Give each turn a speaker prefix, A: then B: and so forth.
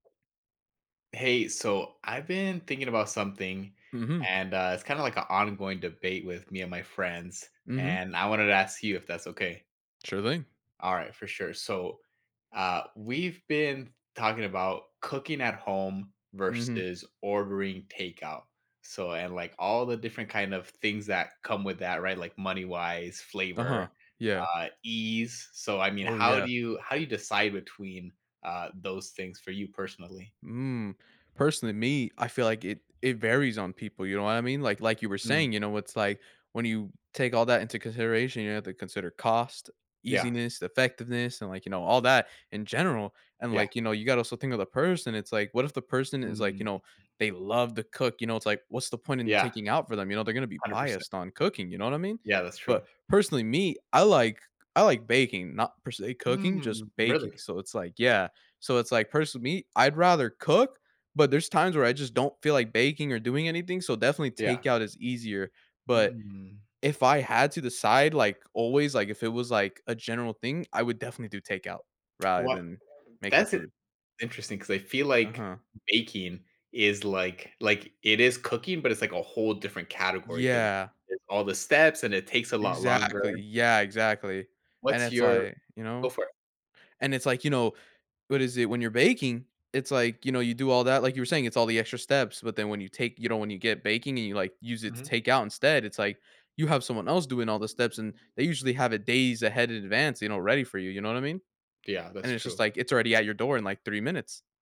A: Hey, so I've been thinking about something,
B: Mhm.
A: and, uh, it's kinda like an ongoing debate with me and my friends,
B: Mhm.
A: and I wanted to ask you if that's okay.
B: Sure thing.
A: All right, for sure, so, uh, we've been talking about cooking at home
B: Mhm.
A: versus ordering takeout. So, and like all the different kind of things that come with that, right, like money-wise, flavor,
B: Uh-huh, yeah.
A: uh, ease, so I mean,
B: Oh
A: how
B: yeah.
A: do you how do you decide between, uh, those things for you personally?
B: Mm, personally, me, I feel like it it varies on people, you know what I mean? Like like you were
A: Mm.
B: saying, you know, it's like, when you take all that into consideration, you have to consider cost,
A: Yeah.
B: easiness, effectiveness, and like, you know, all that in general, and
A: Yeah.
B: like, you know, you gotta also think of the person, it's like, what if the person is like, you
A: Mm.
B: know, they love to cook, you know, it's like, what's the point in
A: Yeah.
B: taking out for them, you know, they're gonna be
A: 100%.
B: biased on cooking, you know what I mean?
A: Yeah, that's true.
B: But personally me, I like I like baking, not per se cooking, just
A: Mm,
B: baking.
A: really?
B: So it's like, yeah, so it's like, person me, I'd rather cook, but there's times where I just don't feel like baking or doing anything, so, definitely
A: Yeah.
B: takeout is easier, but
A: Mm.
B: if I had to decide, like always, like if it was like a general thing, I would definitely do takeout, rather
A: What
B: than making
A: that's i
B: food.
A: interesting 'cause I feel like
B: Uh-huh.
A: baking is like, like it is cooking, but it's like a whole different category 'cause
B: Yeah.
A: it's all the steps and it takes a lot longer.
B: Exactly, yeah, exactly. And
A: What's
B: it's
A: your
B: like, you
A: go
B: know?
A: for it.
B: And it's like, you know, what is it when you're baking, it's like, you know, you do all that, like you were saying, it's all the extra steps, but then when you take you know, when you get baking and you like use it to
A: Mhm.
B: take out instead, it's like, you have someone else doing all the steps, and they usually have it days ahead in advance, you know, ready for you, you know what I mean?
A: Yeah, that's
B: And it's just
A: true.
B: like, it's already at your door in like 3 minutes.